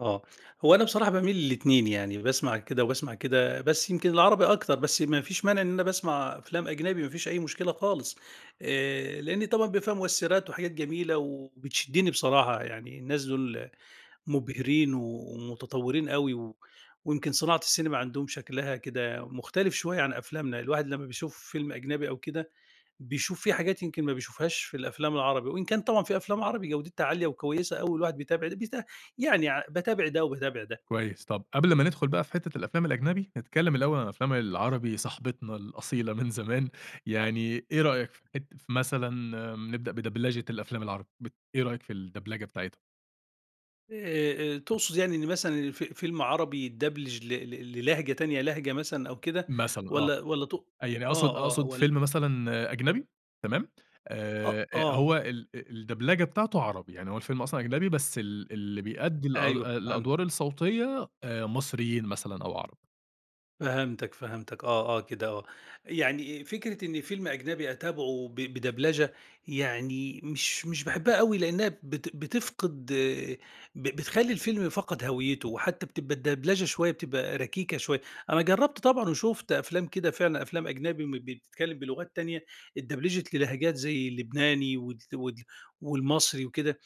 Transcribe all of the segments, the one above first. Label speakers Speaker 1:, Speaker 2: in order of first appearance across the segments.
Speaker 1: آه، هو أنا بصراحة باميل للاتنين يعني، باسمع كده وباسمع كده بس يمكن العربي أكتر بس ما فيش مانع إن أنا باسمع أفلام أجنبي ما فيش أي مشكلة خالص آآ، لإن طبعًا بيبقى فيها مؤثّرات وحاجات جميلة وبتشدّني بصراحة يعني، الناس دول مُبهرين ومتطورين أوي و ويمكن صناعة السينما عندهم شكلها كده مختلف شوية عن أفلامنا، الواحد لمّا بيشوف فيلم أجنبي أو كده بيشوف في حاجات يمكن ما بيشوفهاش في الأفلام العربي، وإن كان طبعًا في أفلام عربي جودتها عالية وكويسة أوي الواحد بيتابع البيت يعني ع باتابع ده وباتابع ده.
Speaker 2: كويس، طب قبل ما ندخل بقى في حتة الأفلام الأجنبي نتكلم الأول عن الأفلام العربي صاحبتنا الأصيلة من زمان، يعني إيه رأيك في حت في مثلًا م نبدأ بدبلچة الأفلام العربي بت إيه رأيك في الدبلجة بتاعتها؟
Speaker 1: آآ، آآ، تقصد يعني إن مثلًا الف فيلم عربي يدبلچ ل ل للهجة تانية لهجة مثلًا أو كده
Speaker 2: مثلًا آه،
Speaker 1: والّا والّا تق
Speaker 2: آه، يعني أقصد
Speaker 1: آه، آه
Speaker 2: أقصد
Speaker 1: والّا
Speaker 2: فيلم مثلًا أجنبي تمام
Speaker 1: أ
Speaker 2: آآ، آآ،
Speaker 1: آه.
Speaker 2: هو ال أ الدبلجة بتاعته عربي، يعني هو الفيلم أصلًا أجنبي بس ال اللي بيأدّي الأد
Speaker 1: أيوه فهم
Speaker 2: الأدوار الصوتية آآ، مصريين مثلًا أو عرب.
Speaker 1: فَهمتك، فَهمتك آه، آه، كده آه. يعني فكرة إن فيلم أجنبي أتابعه ب بدبلچة يعني مش مش باحبها أوي لإنّها ب بت بتفقد ب بتخلّي الفيلم فقد هويّته، وحتى بتبقى الدبلچة شوية بتبقى ركيكة شوية، أنا جرّبت طبعًا وشُفت أفلام كده فعلًا أفلام أجنبي م بتتكلم بلغات تانية اتدبلچت للهجات زي اللبناني وال وال والمصري وكده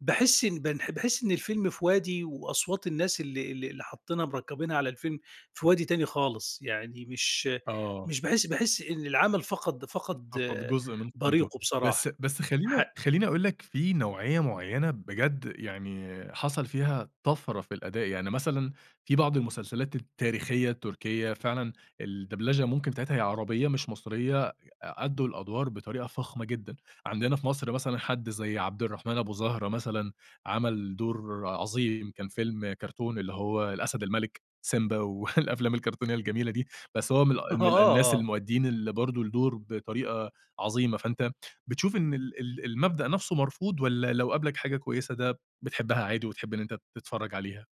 Speaker 1: باحس إن بانح باحس إن الفيلم في وادي وأصوات الناس اللي اللي اللي حطّينها مركبينها على الفيلم في وادي تاني خالص، يعني مش
Speaker 2: آه.
Speaker 1: مش باحس باحس إن العمل فقد فقد
Speaker 2: فقد جزء من قيمته،
Speaker 1: بريقُه
Speaker 2: بس
Speaker 1: بصراحة
Speaker 2: بس خلّينا
Speaker 1: حق
Speaker 2: خلّيني اقول لك في نوعية معيّنة بجد يعني حصل فيها طَفرة في الأداء، يعني مثلًا في بعض المسلسلات التاريخية التركية فعلًا الدبلچة ممكن بتاعتها هي عربية مش مصرية ي أدّوا الأدوار بطريقة فخمة جدًا، عندنا في مصر مثلًا حد زي عبد الرحمن أبو زهرة مثلًا عمل دور عظيم كان فيلم كرتون اللي هو الأسد الملك سيمبا والأفلام الكرتونية الجميلة دي بس هو من الأ
Speaker 1: آه،
Speaker 2: من الناس
Speaker 1: آه.
Speaker 2: المؤديين اللي برضه الدور بطريقة عظيمة فأنت م بتشوف إن ال ال المبدأ نفسه مرفوض والّا لو قابلك حاجة كويسة ده بتحبها عادي وتحب إن أنت تتفرّج عليها؟